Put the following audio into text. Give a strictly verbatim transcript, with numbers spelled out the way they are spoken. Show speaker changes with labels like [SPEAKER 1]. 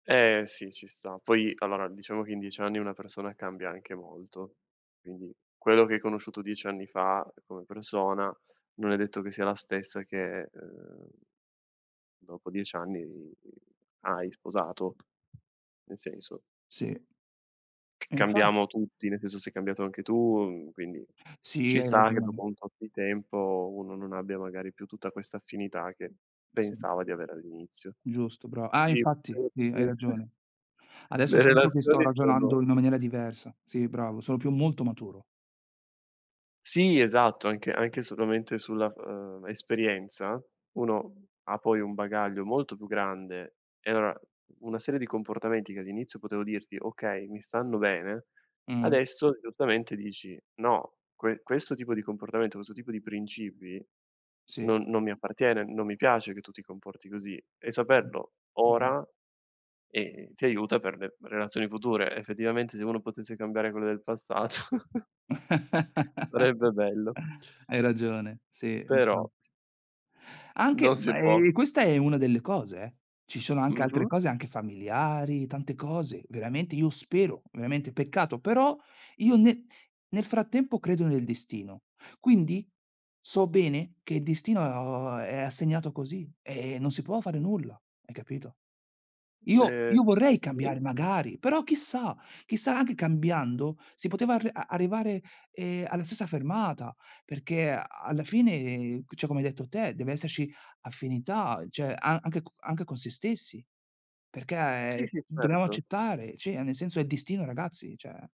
[SPEAKER 1] Eh sì, ci sta. Poi allora diciamo che in diec anni una persona cambia anche molto. Quindi quello che hai conosciuto dieci anni fa uhm, come persona, non è detto che sia la stessa che uhm, dopo diec anni hai sposato. Nel senso
[SPEAKER 2] Sì. E infa
[SPEAKER 1] cambiamo tutti, nel senso sei cambiato anche tu, mhmm quindi,
[SPEAKER 2] Sì,
[SPEAKER 1] ci
[SPEAKER 2] hai
[SPEAKER 1] sta che dopo
[SPEAKER 2] ragione.
[SPEAKER 1] un tot di tempo uno non abbia magari più tutta questa affinità che
[SPEAKER 2] Sì.
[SPEAKER 1] pensava di avere all'inizio.
[SPEAKER 2] Giusto brav ah
[SPEAKER 1] Sì
[SPEAKER 2] infatti,
[SPEAKER 1] [unintelligible]
[SPEAKER 2] sì hai ragione. Adesso
[SPEAKER 1] Le
[SPEAKER 2] sento che sto
[SPEAKER 1] relazioni
[SPEAKER 2] ragionando
[SPEAKER 1] sono
[SPEAKER 2] in una maniera diversa. Sì bravo, sono più molto maturo.
[SPEAKER 1] Sì, esatto, anche anche solamente sulla, ehm esperienza, uno ha poi un bagaglio molto più grande e avrà una serie di comportamenti che all'inizio potevo dirti: "Okay, mi stanno bene,"
[SPEAKER 2] Mh-mh.
[SPEAKER 1] adesso giustamente dici: "No, que questo tipo di comportamento, questo tipo di principi
[SPEAKER 2] Sì.
[SPEAKER 1] non non mi appartiene, non mi piace che tu ti comporti così." E
[SPEAKER 2] Mh-mh.
[SPEAKER 1] saperlo
[SPEAKER 2] Giu
[SPEAKER 1] ora, ehm, ti aiuta per le relazioni future. Effettivamente se uno potesse cambiare quelle del passato. Sarebbe bello.
[SPEAKER 2] Hai ragione, sì.
[SPEAKER 1] Però
[SPEAKER 2] Infatti Anche,
[SPEAKER 1] non si può.
[SPEAKER 2] me questa è una delle cose, eh. Ci sono anche altre
[SPEAKER 1] Mh-mh.
[SPEAKER 2] cose anche familiari, tante cose, veramente io spero, ovviamente peccato, però io ne nel frattempo credo nel destino. Quindi, so bene che il destino o a è assegnato così e e non si può fare nulla. Hai capito? Io
[SPEAKER 1] Ehm
[SPEAKER 2] io vorrei
[SPEAKER 1] sì.
[SPEAKER 2] cambiare, magari, però chissà, chissà anche cambiando si poteva ar arrivare ehm, alla stessa fermata, perché a alla fine, ceh, come hai detto te, deve esserci affinità, ceh, a anche co con se stessi,
[SPEAKER 1] Sì,
[SPEAKER 2] perché
[SPEAKER 1] sì,
[SPEAKER 2] dobbiamo
[SPEAKER 1] certo.
[SPEAKER 2] accettare, ceh, nel senso è destino ragazzi, ceh